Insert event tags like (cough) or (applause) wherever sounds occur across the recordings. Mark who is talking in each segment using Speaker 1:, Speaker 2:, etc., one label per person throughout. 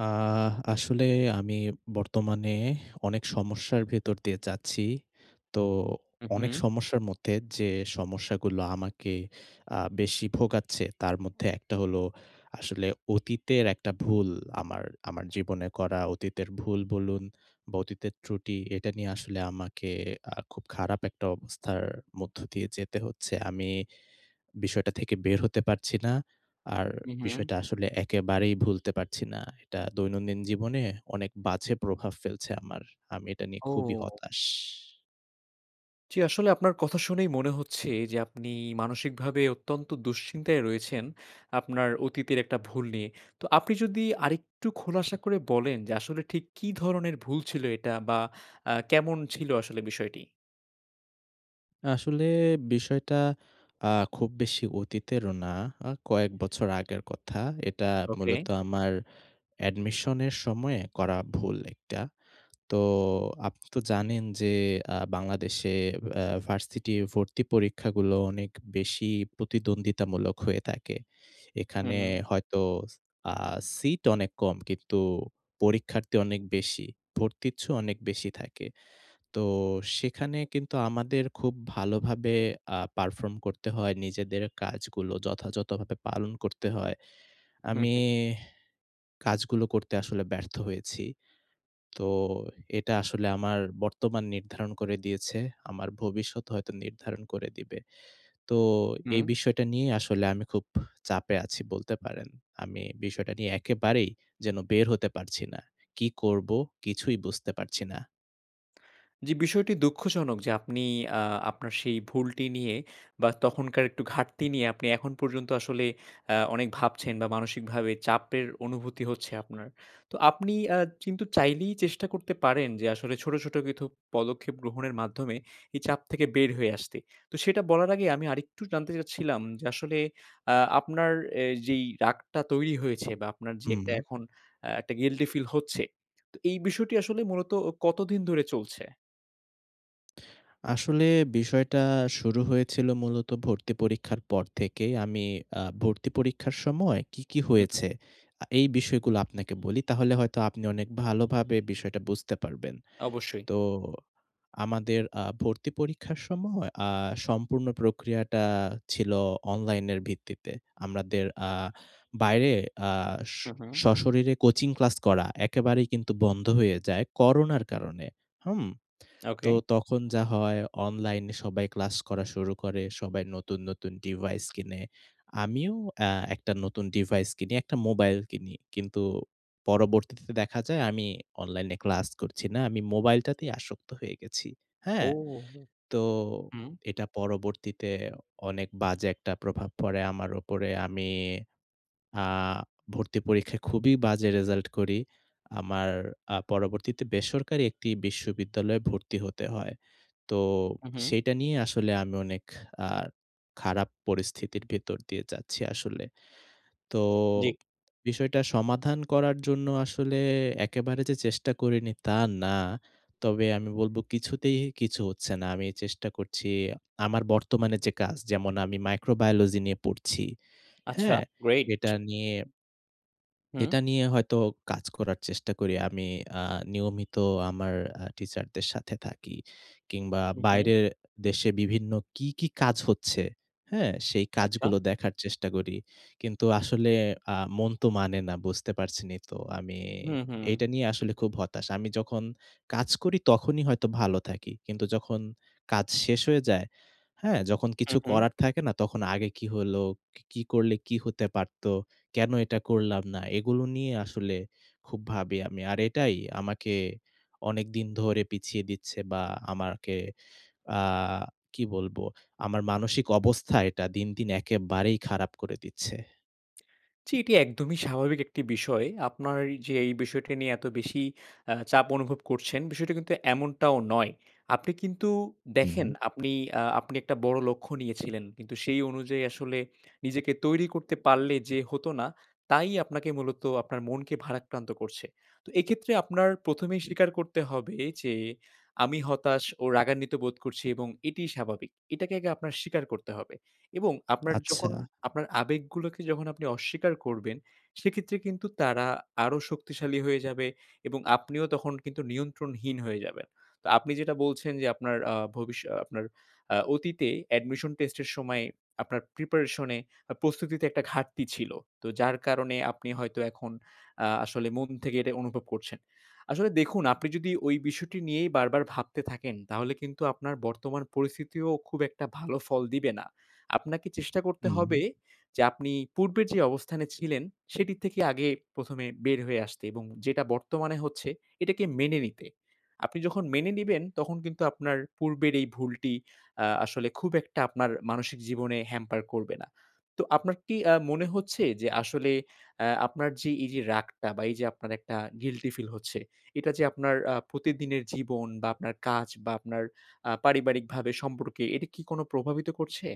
Speaker 1: আহ আসলে আমি বর্তমানে অনেক সমস্যার ভেতর দিয়ে যাচ্ছি। তো, অনেক
Speaker 2: উম-হুম।
Speaker 1: সমস্যার মধ্যে যে সমস্যাগুলো আমাকে, আ বেশি ভোগাচ্ছে তার মধ্যে একটা হলো, আসলে অতীতের একটা ভুল আমার আমার জীবনে করা অতীতের ভুল বলুন, বা অতীতের ত্রুটি এটা নিয়ে আসলে আমাকে আ খুব খারাপ একটা অবস্থার মধ্য দিয়ে যেতে হচ্ছে। আমি (breath) বিষয়টা থেকে বের হতে পারছি না। আর
Speaker 2: উম-হুম।
Speaker 1: বিষয়টা আসলে একেবারেই ভুলতে পারছি না। এটা দৈনন্দিন জীবনে অনেক বাজে প্রভাব ফেলছে আমার। আমি এটা নিয়ে খুবই
Speaker 2: ও!
Speaker 1: হতাশ।
Speaker 2: জী আসলে আপনার কথা শুনেই মনে হচ্ছে, যে আপনি মানসিকভাবে অত্যন্ত দুশ্চিন্তায় রয়েছেন। আপনার অতীতের একটা ভুল নিয়ে। তো আপনি যদি আরেকটু খোলাসা করে বলেন, যে আসলে ঠিক কি ধরনের ভুল ছিল এটা? বা আ কেমন ছিল আসলে বিষয়টি?
Speaker 1: আসলে বিষয়টা, আ খুব বেশি অতীতেরও না আ কয়েক বছর আগের কথা। এটা
Speaker 2: ওকে।
Speaker 1: মূলত আমার, এডমিশনের সময়ে করা ভুল একটা। তো আপনিতো জানেন যে আ বাংলাদেশে অ্যা ভার্সিটি ভর্তি পরীক্ষাগুলো অনেক বেশি প্রতিদ্বন্দ্বিতামূলক হয়ে থাকে। এখানে
Speaker 2: হুম।
Speaker 1: হয়তো, আ সিট অনেক কম কিন্তু, পরীক্ষার্থী অনেক বেশি, ভর্তিচ্ছু অনেক বেশি থাকে। তো সেখানে কিন্তু আমাদের খুব ভালোভাবে আ পারফর্ম করতে হয় নিজেদের কাজগুলো যথাযথভাবে পালন করতে হয়।
Speaker 2: হুম,
Speaker 1: আমি
Speaker 2: হুম।
Speaker 1: কাজগুলো করতে আসলে ব্যর্থ হয়েছি। তো এটা আসলে আমার বর্তমান নির্ধারণ করে দিয়েছে। আমার ভবিষ্যৎ হয়তো নির্ধারণ করে দিবে। তো,
Speaker 2: হুম।
Speaker 1: এই বিষয়টা নিয়ে আসলে আমি খুব চাপে আছি বলতে পারেন। আমি বিষয়টা নিয়ে একেবারেই যেন বের হতে পারছি না কি করবো? কিছুই বুঝতে পারছি না।
Speaker 2: জী, বিষয়টি দুঃখজনক যে আপনি আ আপনার সেই ভুলটি নিয়ে বা তখনকার একটু ঘাটতি নিয়ে আপনি এখন পর্যন্ত আসলে আ অনেক ভাবছেন বা মানসিকভাবে চাপের অনুভূতি হচ্ছে আপনার। তো আপনি আ কিন্তু চাইলেই চেষ্টা করতে পারেন যে আসলে ছোট ছোট কিছু পদক্ষেপ গ্রহণের মাধ্যমে এই চাপ থেকে বের হয়ে আসতে। তো সেটা বলার আগে আমি আরেকটু জানতে চাচ্ছিলাম যে আসলে আ আপনার এ যেই রাগটা তৈরি হয়েছে বা আপনার যে
Speaker 1: হুম।
Speaker 2: এখন এ ১ টা গিল্টি ফিল হচ্ছে, তো এই বিষয়টি আসলে মূলত ও কতদিন ধরে চলছে?
Speaker 1: আসলে, বিষয়টা শুরু হয়েছিল মূলত ভর্তি পরীক্ষার পর থেকেই আমি আ ভর্তি পরীক্ষার সময় কী, কী
Speaker 2: হু হু।
Speaker 1: হয়েছে এ এই বিষয়গুলো আপনাকে বলি তাহলে হয়তো আপনি অনেক ভালোভাবে বিষয়টা বুঝতে পারবেন।
Speaker 2: অবশ্যই।
Speaker 1: তো, আমাদের আ ভর্তি পরীক্ষার সময় আ সম্পূর্ণ প্রক্রিয়াটা ছিল অনলাইনের ভিত্তিতে। আমাদের আ বাইরে আ
Speaker 2: হু হুম।
Speaker 1: সশরীরে কোচিং ক্লাস করা একেবারেই বন্ধ হয়ে যায় করোনার কারণে। হুম? তো
Speaker 2: ওকে।
Speaker 1: তখন যা হয় অনলাইনে সবাই ক্লাস করা শুরু করে, সবাই নতুন নতুন ডিভাইস কিনে, আমিও এ ১ টা নতুন ডিভাইস কিনি ১ টা মোবাইল কিনি। কিন্তু পরবর্তীতে দেখা যায় আমি অনলাইনে ক্লাস করছি না আমি মোবাইলটাতেই আসক্ত হয়ে গেছি।
Speaker 2: ও
Speaker 1: হ্যাঁ?
Speaker 2: হুম,
Speaker 1: তো,
Speaker 2: হুম।
Speaker 1: এটা পরবর্তীতে অনেক বাজে একটা প্রভাব পড়ে আমার উপরে, আমি আ ভর্তি পরীক্ষায় খুবই বাজে রেজাল্ট করি ।আমার আ পরবর্তীতে বেসরকারি একটি বিশ্ববিদ্যালয়ে ভর্তি হতে হয়। তো
Speaker 2: হুম হুম।
Speaker 1: সেটা নিয়ে আসলে আমি অনেক আ খারাপ পরিস্থিতির ভিতর দিয়ে যাচ্ছি আসলে। তো,
Speaker 2: জি।
Speaker 1: বিষয়টা সমাধান করার জন্য আসলে একেবারে যে চেষ্টা করিনি তা না, তবে আমি বলব কিছুতেই কিছু হচ্ছে না আমি চেষ্টা করছি, আমার বর্তমানে যে কাজ যেমন আমি মাইক্রোবায়োলজি নিয়ে পড়ছি,
Speaker 2: আচ্ছা,
Speaker 1: হ্যাঁ? এটা
Speaker 2: গ্রেট!
Speaker 1: নিয়ে
Speaker 2: হুম।
Speaker 1: এটা নিয়ে হয়তো কাজ করার চেষ্টা করি আমি আ নিয়মিত আমার আ টিচারদের সাথে থাকি। কিংবা
Speaker 2: হু হু।
Speaker 1: বাইরের দেশে বিভিন্ন কী, কী কাজ হচ্ছে, হ্যাঁ? সেই
Speaker 2: আচ্ছা।
Speaker 1: কাজগুলো দেখার চেষ্টা করি। কিন্তু আসলে আ মন তো মানে না বুঝতে পারছেন ই তো? আমি
Speaker 2: হুম হুম।
Speaker 1: এটা নিয়ে আসলে খুব হতাশ। আমি যখন কাজ করি তখনই হয়তো ভালো থাকি। কিন্তু যখন কাজ শেষ হয়ে যায়, হ্যাঁ? যখন
Speaker 2: হু
Speaker 1: কিছু
Speaker 2: হু।
Speaker 1: করার থাকে না তখন আগে কি হলো, কি কি করলে কি হতে পারত, কেন এটা করলাম না, এগুলো নিয়ে আসলে খুব ভাবি আমি। আর এটাই আমাকে অনেকদিন ধরে পিছিয়ে দিচ্ছে বা আমাকে আ কি বলবো, আমার মানসিক অবস্থা এটা দিন দিন একেবারেই খারাপ করে দিচ্ছে।
Speaker 2: জি, এটি একদমই স্বাভাবিক একটি বিষয়। আপনার এ যে এই বিষয়টা নিয়ে এত বেশি আ চাপ অনুভব করছেন, বিষয়টা কিন্তু এমনটাও নয়। আপনি কিন্তু
Speaker 1: হু,
Speaker 2: দেখেন,
Speaker 1: হু।
Speaker 2: আপনি আ আপনি একটা বড় লক্ষ্য নিয়েছিলেন। কিন্তু সেই অনুযায়ী আসলে নিজেকে তৈরি করতে পারলে যে হত না, তাই আপনাকে মূলত আপনার মনকে ভারাক্রান্ত করছে। তো এইক্ষেত্রে আপনার ১মেই স্বীকার করতে হবে যে, "আমি হতাশ ও রাগান্বিতবোধ করছি এবং এটিই স্বাভাবিক।" এটাকে আগে আপনার স্বীকার করতে হবে। এবং আপনার যখন
Speaker 1: আচ্ছা।
Speaker 2: আপনার আবেগগুলোকে যখন আপনি অস্বীকার করবেন, সেক্ষেত্রে কিন্তু তারা আরো শক্তিশালী হয়ে যাবে এবং আপনিও তখন কিন্তু নিয়ন্ত্রণহীন হয়ে যাবেন। তো আপনি যেটা বলছেন যে, আপনার আ ভবিষ্য আ আপনার আ অতীতে admission test এর সময়ে আপনার preparation এ আ প্রস্তুতিতে একটা ঘাটতি ছিল। তো যার কারণে আপনি হয়তো এখন আ আসলে মন থেকে এটা অনুভব করছেন। আসলে দেখুন, আপনি যদি ওই বিষয়টি নিয়েই বারবার ভাবতে (clicks tongue) থাকেন, তাহলে কিন্তু আপনার বর্তমান পরিস্থিতিও খুব একটা ভালো ফল দিবে না। আপনাকে (clicks tongue) চেষ্টা
Speaker 1: হু,
Speaker 2: করতে হবে
Speaker 1: হু।
Speaker 2: যে আপনি পূর্বের (clicks tongue) যে অবস্থানে ছিলেন, সেটির থেকে আগে ১মে বের হয়ে আসতে এবং যেটা বর্তমানে হচ্ছে, এটাকে মেনে নিতে। আপনি যখন মেনে নিবেন, তখন কিন্তু আপনার পূর্বের এই ভুলটি আ আসলে খুব একটা আপনার মানসিক জীবনে hamper করবে না। তো আপনার কি আ মনে হচ্ছে যে আসলে অ্যা আপনার যে এই যে রাগটা বা এই যে আপনার একটা guilty ফিল হচ্ছে, এটা যে আপনার আ প্রতিদিনের জীবন বা আপনার কাজ বা আপনার আ পারিবারিকভাবে সম্পর্কে এটা কি কোনো প্রভাবিত করছে?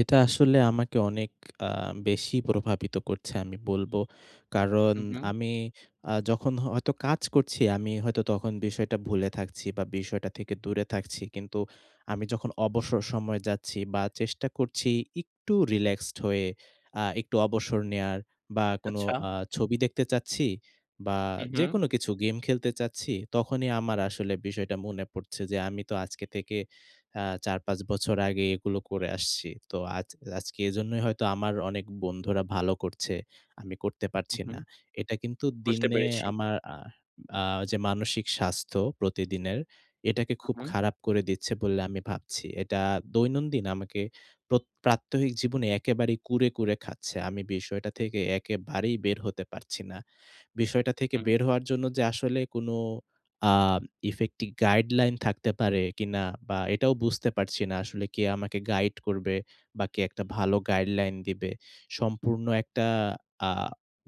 Speaker 1: এটা আসলে আমাকে অনেক আ বেশি প্রভাবিত করছে আমি বলব। কারণ,
Speaker 2: হু, হু।
Speaker 1: আমি আ যখন হ হয়তো কাজ করছি, আমি হয়তো তখন বিষয়টা ভুলে থাকছি বা বিষয়টা থেকে দূরে থাকছি। কিন্তু, আমি যখন অবসর সময়ে যাচ্ছি বা চেষ্টা করছি, একটু রিল্যাক্সড হয়ে আ একটু অবসর নেওয়ার বা কোনো
Speaker 2: আচ্ছা।
Speaker 1: আ ছবি দেখতে চাচ্ছি বা
Speaker 2: হু, হু।
Speaker 1: যেকোনো কিছু গেম খেলতে চাচ্ছি, তখনই আমার আসলে বিষয়টা মনে পড়ছে যে, আমি তো আজকে থেকে আ ৪ ৫ বছর আগে এগুলো করে আসছি। তো আজ আজকে এজন্যই হয়তো আমার অনেক বন্ধুরা ভালো করছে, আমি করতে
Speaker 2: হু,
Speaker 1: পারছি না।
Speaker 2: হু।
Speaker 1: এটা কিন্তু
Speaker 2: বুঝতে
Speaker 1: দিনে
Speaker 2: পেরেছি।
Speaker 1: আমার আ আ যে মানসিক স্বাস্থ্য প্রতিদিনের, এটাকে
Speaker 2: হু,
Speaker 1: খুব
Speaker 2: হু।
Speaker 1: খারাপ করে দিচ্ছে বলে আমি ভাবছি। এটা দৈনন্দিন আমাকে প্রত প্রাত্যহিক জীবনে একেবারেই কুরে, কুরে খাচ্ছে। আমি বিষয়টা থেকে একেবারেই বের হতে পারছি না। বিষয়টা থেকে
Speaker 2: হুম।
Speaker 1: বের হওয়ার জন্য যে আসলে কোনো আ effective guideline থাকতে পারে কিনা বা এটাও বুঝতে পারছি না। আসলে কে আমাকে গাইড করবে বা কে একটা ভালো guideline দিবে। সম্পূর্ণ একটা আ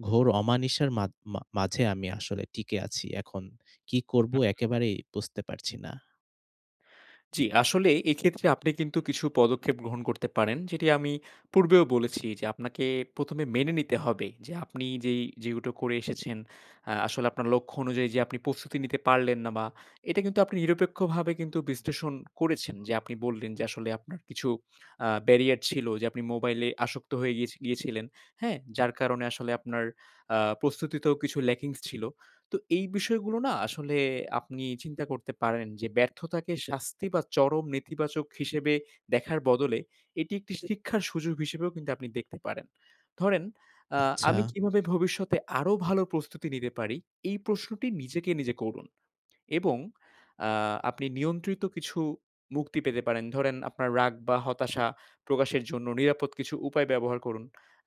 Speaker 1: ঘোর অমানিশার মাধ মা মাঝে আমি আসলে টিকে আছি। এখন কি করব
Speaker 2: হু, হু।
Speaker 1: একেবারেই বুঝতে পারছি না।
Speaker 2: জি আসলে এইক্ষেত্রে আপনি কিন্তু কিছু পদক্ষেপ গ্রহণ করতে পারেন যেটি আমি পূর্বেও বলেছি যে আপনাকে প্রথমে মেনে নিতে হবে যে আপনি যেই যেগুলো করে এসেছেন আ আসলে আপনার লক্ষ্য অনুযায়ী যে আপনি প্রস্তুতি নিতে পারলেন না বা এটা কিন্তু আপনি নিরপেক্ষভাবে কিন্তু বিশ্লেষণ করেছেন। যে আপনি বললেন যে আসলে আপনার কিছু আ barrier ছিল যে আপনি মোবাইলে আসক্ত হয়ে গিয়েছ গিয়েছিলেন, হ্যাঁ? যার কারণে আসলে আপনার আ প্রস্তুতিতেও কিছু lackings ছিল। তো এই বিষয়গুলো না আসলে আপনি চিন্তা করতে পারেন যে ব্যর্থতাকে শাস্তি বা চরম নেতিবাচক হিসেবে দেখার বদলে, এটি একটি শিক্ষার সুযোগ হিসেবেও কিন্তু আপনি দেখতে পারেন। ধরেন আ
Speaker 1: আচ্ছা।
Speaker 2: আমি কিভাবে ভবিষ্যতে আরো ভালো প্রস্তুতি নিতে পারি এই প্রশ্নটি নিজেকে নিজে করুন। এবং আ আপনি নিয়ন্ত্রিত কিছু মুক্তি পেতে পারেন। ধরেন আপনার রাগ বা হতাশা প্রকাশের জন্য নিরাপদ কিছু উপায় ব্যবহার করুন।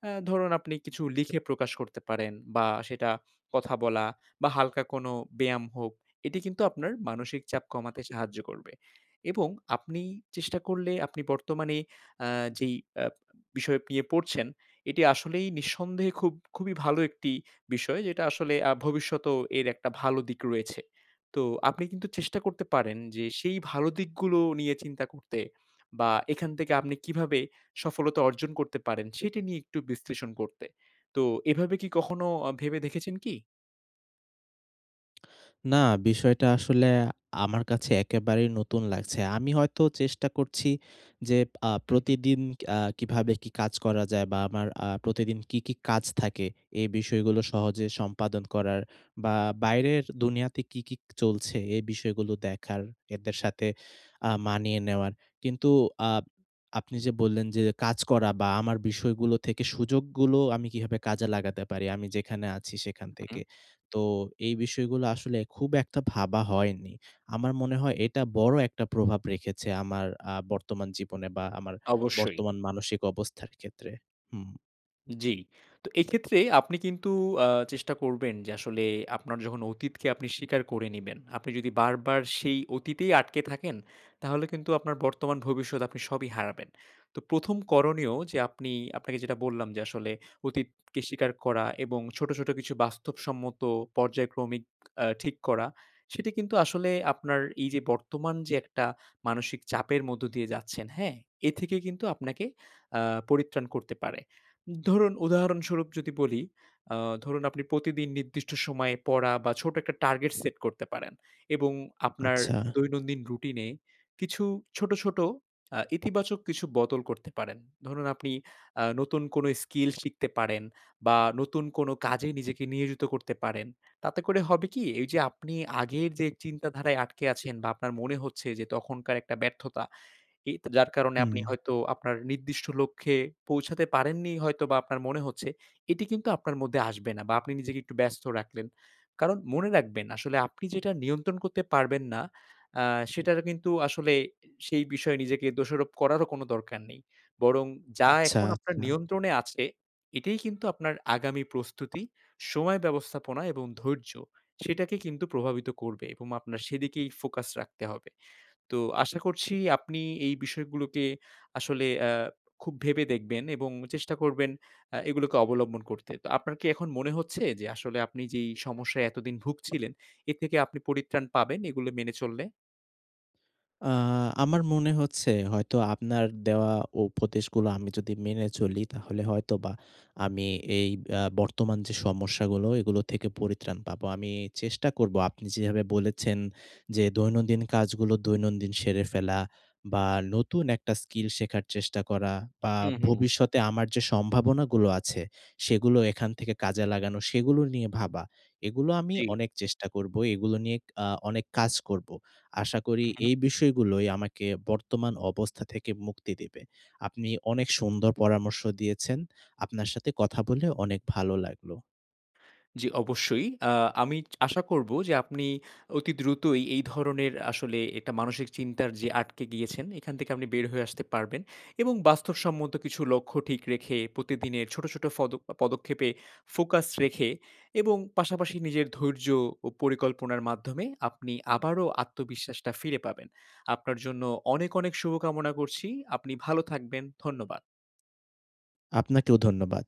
Speaker 2: আ ধরুন আপনি কিছু লিখে প্রকাশ করতে পারেন বা সেটা কথা বলা বা হালকা কোনো ব্যায়াম হোক, এটি কিন্তু আপনার মানসিক চাপ কমাতে সাহায্য করবে। এবং আপনি চেষ্টা করলে আপনি বর্তমানে আ যেই আ বিষয় নিয়ে পড়ছেন, এটি আসলেই নিঃসন্দেহে খুব খুবই ভালো একটি বিষয় যেটা আসলে আ ভবিষ্যতেও এর একটা ভালো দিক রয়েছে। তো আপনি কিন্তু চেষ্টা করতে পারেন যে সেই ভালো দিকগুলো নিয়ে চিন্তা করতে। বা এখান থেকে আপনি কীভাবে সফলতা অর্জন করতে পারেন সেটি নিয়ে একটু বিশ্লেষণ করতে। তো এভাবে কি কখনো আ ভেবে দেখেছেন কি?
Speaker 1: না, বিষয়টা আসলে আমার কাছে একেবারেই নতুন লাগছে। আমি হয়তো চেষ্টা করছি যে আ
Speaker 2: হু, হু।
Speaker 1: প্রতিদিন আ কীভাবে কী কাজ করা যায় বা আমার আ প্রতিদিন কী, কী কাজ থাকে, এই বিষয়গুলো সহজে সম্পাদন করার বা বাইরের দুনিয়াতে কী, কী চলছে এই বিষয়গুলো দেখার, এদের সাথে আ মানিয়ে নেওয়ার। কিন্তু, আ আপনি যে বললেন যে, কাজ করা বা আমার বিষয়গুলো থেকে সুযোগগুলো আমি কিভাবে কাজে লাগাতে পারি আমি যেখানে আছি সেখান
Speaker 2: হুম,
Speaker 1: থেকে।
Speaker 2: হুম।
Speaker 1: তো, এই বিষয়গুলো আসলে খুব একটা ভাবা হয়নি। আমার মনে হয় এটা বড় একটা প্রভাব রেখেছে আ আমার বর্তমান জীবনে বা আমার
Speaker 2: অবশ্যই।
Speaker 1: বর্তমান মানসিক অবস্থার ক্ষেত্রে। হুম।
Speaker 2: জি। তো এইক্ষেত্রে আপনি কিন্তু আ চেষ্টা করবেন যে আসলে আপনার যখন অতীতকে আপনি স্বীকার করে নিবেন। আপনি যদি বারবার সেই অতীতেই আটকে থাকেন, তাহলে কিন্তু আপনার বর্তমান-ভবিষ্যৎ আপনি সবই হারাবেন। তো প্রথম করণীয় যে আপনি আপনাকে যেটা বললাম যে আসলে অতীতকে স্বীকার করা এবং ছোট, ছোট কিছু বাস্তবসম্মত পর্যায়ক্রমিক আ ঠিক করা। সেটা কিন্তু আসলে আপনার এই যে বর্তমান যে একটা মানসিক চাপের মধ্য দিয়ে যাচ্ছেন, হ্যাঁ? এ থেকে কিন্তু আপনাকে আ পরিত্রাণ করতে পারে। ধরুন উদাহরণস্বরূপ যদি বলি, আ ধরুন আপনি প্রতিদিন নির্দিষ্ট সময় পড়া বা ছোট একটা টার্গেট সেট করতে পারেন, এবং আপনার
Speaker 1: আচ্ছা।
Speaker 2: দৈনন্দিন রুটিনে কিছু ছোট, ছোট আ ইতিবাচক কিছু বদল করতে পারেন। ধরুন আপনি আ নতুন কোনো স্কিল শিখতে পারেন, বা নতুন কোনো কাজে নিজেকে নিয়োজিত করতে পারেন। তাতে করে হবে কি এই যে আপনি আগের যে চিন্তাধারায় আটকে আছেন বা আপনার মনে হচ্ছে যে তখনকার একটা ব্যর্থতা এ তে যার কারণে আপনি
Speaker 1: হুম।
Speaker 2: হয়তো আপনার নির্দিষ্ট লক্ষ্যে পৌঁছাতে পারেননি হয়তো বা আপনার মনে হচ্ছে, এটি কিন্তু আপনার মধ্যে আসবে না বা আপনি নিজেকে একটু ব্যস্ত রাখলেন। কারণ মনে রাখবেন আসলে আপনি যেটা নিয়ন্ত্রণ করতে পারবেন না আ সেটার কিন্তু আসলে সেই বিষয়ে নিজেকে দোষারোপ করারও কোনো দরকার নেই। বরং যা
Speaker 1: আচ্ছা,
Speaker 2: এখন আপনার
Speaker 1: আচ্ছা।
Speaker 2: নিয়ন্ত্রণে আছে, এটাই কিন্তু আপনার আগামী প্রস্তুতি, সময় ব্যবস্থাপনা, এবং ধৈর্য সেটাকে কিন্তু প্রভাবিত করবে এবং আপনার সেদিকেই ফোকাস রাখতে হবে। তো আশা করছি আপনি এই বিষয়গুলোকে আসলে আ খুব ভেবে দেখবেন এবং চেষ্টা করবেন আ এগুলোকে অবলম্বন করতে। তো আপনার কি এখন মনে হচ্ছে, যে আসলে আপনি যেই সমস্যায় এতদিন ভুগছিলেন এর থেকে আপনি পরিত্রাণ পাবেন এগুলো মেনে চললে?
Speaker 1: আ আমার মনে হচ্ছে হয়তো আপনার দেওয়া উপদেশগুলো আমি যদি মেনে চলি, তাহলে হয়তোবা আমি এই আ বর্তমান যে সমস্যাগুলো এগুলো থেকে পরিত্রাণ পাবো। আমি চেষ্টা করব আপনি যেভাবে বলেছেন যে দৈনন্দিন কাজগুলো দৈনন্দিন সেরে ফেলা, বা নতুন একটা স্কিল শেখার চেষ্টা করা, বা
Speaker 2: হু, হু।
Speaker 1: ভবিষ্যতে আমার যে সম্ভাবনাগুলো আছে সেগুলো এখান থেকে কাজে লাগানো, সেগুলো নিয়ে ভাবা। এগুলো আমি
Speaker 2: জি।
Speaker 1: অনেক চেষ্টা করবো, এগুলো নিয়ে আ অনেক কাজ করবো। আশা করি
Speaker 2: হু, হু।
Speaker 1: এই বিষয়গুলোই আমাকে বর্তমান অবস্থা থেকে মুক্তি দেবে। আপনি অনেক সুন্দর পরামর্শ দিয়েছেন। আপনার সাথে কথা বলে অনেক ভালো লাগলো।
Speaker 2: জি অবশ্যই। আ আমি আশা করব যে আপনি অতি দ্রুতই এই ধরনের আসলে এটা মানসিক চিন্তার যে আটকে গিয়েছেন এখান থেকে আপনি বের হয়ে আসতে পারবেন। এবং বাস্তবসম্মত কিছু লক্ষ্য ঠিক রেখে প্রতিদিনের ছোট, ছোট ফদ পদক্ষেপে ফোকাস রেখে, এবং পাশাপাশি নিজের ধৈর্য ও পরিকল্পনার মাধ্যমে আপনি আবারও আত্মবিশ্বাস টা ফিরে পাবেন। আপনার জন্য অনেক, অনেক শুভকামনা করছি। আপনি ভালো থাকবেন। ধন্যবাদ।
Speaker 1: আপনাকেও ধন্যবাদ।